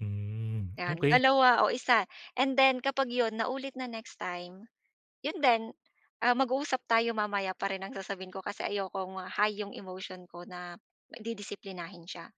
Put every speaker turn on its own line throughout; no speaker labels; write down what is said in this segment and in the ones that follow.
Hmm,
'Yan,
okey.
2 o 1, and then kapag 'yon naulit na next time, 'yon din, ah, mag-uusap tayo mamaya pa rin ang sasabihin ko, kasi ayokong, ah, high yung emotion ko na didisiplinahin siya.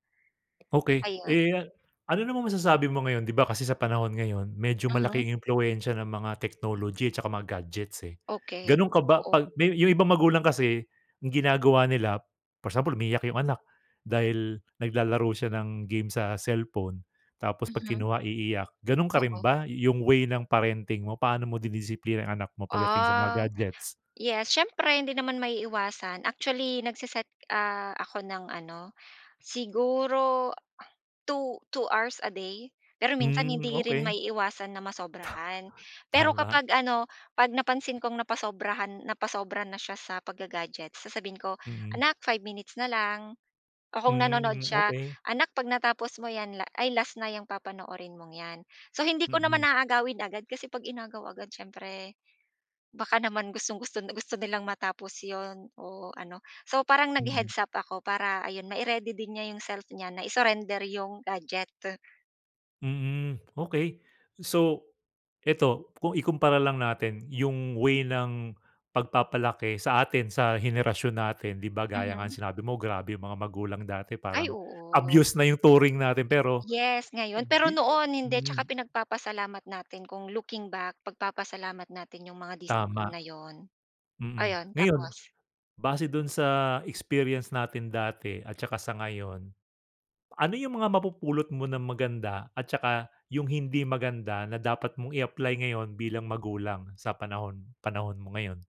Okey.
Ayun.
Eh, a ano namang masasabi mo ngayon, 'di ba kasi sa panahon ngayon medyo
Mhm.
malaking impluwensiya ng mga technology 'tsaka mga gadgets, eh.
Okey,
Ganun ka ba,
oo.
pag may yung ibang magulang kasi ginagawa nila, for example umiiyak yung anak dahil naglalaro siya ng game sa cellphone, tapos pag
Mhm.
kinuha iiyak. Ganon ka rin
Oo.
ba, yung way ng parenting mo, paano mo dinidisiplina yung anak mo pagdating sa mga
Ah,
gadgets?
yes. Siyempre hindi naman maiiwasan. Actually nag-se-set, ah, ako ng ano, siguro 2 2 hours a day. Pero minsan
Hmm,
hindi rin
okey.
maiiwasan na masobrahan. Pero
Tama.
kapag ano, 'pag napansin kong napasobrahan, napasobra na siya sa pag-ga-gadget, sasabihin ko,
Mm.
"Anak 5 minutes na lang." O kung nanonood
Hmm,
siya,
okey.
"Anak 'pag natapos mo 'yan, ay last na 'yang papanoorin mong 'yan." So hindi ko naman
Mm.
aagawin agad, kasi 'pag inagaw agad siyempre baka naman gustong-gusto gusto nilang matapos 'yon o ano. So parang
Mm.
nag-he-heads-up ako para ayun, ma-i-ready din niya yung self niya na i-surrender 'yong gadget.
Mm, okey. So eto, kung ikumpara lang natin yung way ng pagpapalaki sa atin sa henerasyon natin. 'Di ba gaya nga ng
Mhm.
sinabi mo, grabe yung mga magulang dati
Ay
parang
oo.
abuse na yung turing natin, pero
Yes, ngayon, pero
di
noon hindi. Tsaka
hmm.
pinagpapasalamat natin kung looking back, pagpapasalamat natin yung mga discipline
Tama.
na 'yon.
Mm,
Ayon,
ngayon,
tapos?
base dun sa experience natin dati at saka sa ngayon. Ano yung mga mapupulot mo na maganda at saka yung hindi maganda na dapat mong i-apply ngayon bilang magulang sa panahon panahon mo ngayon?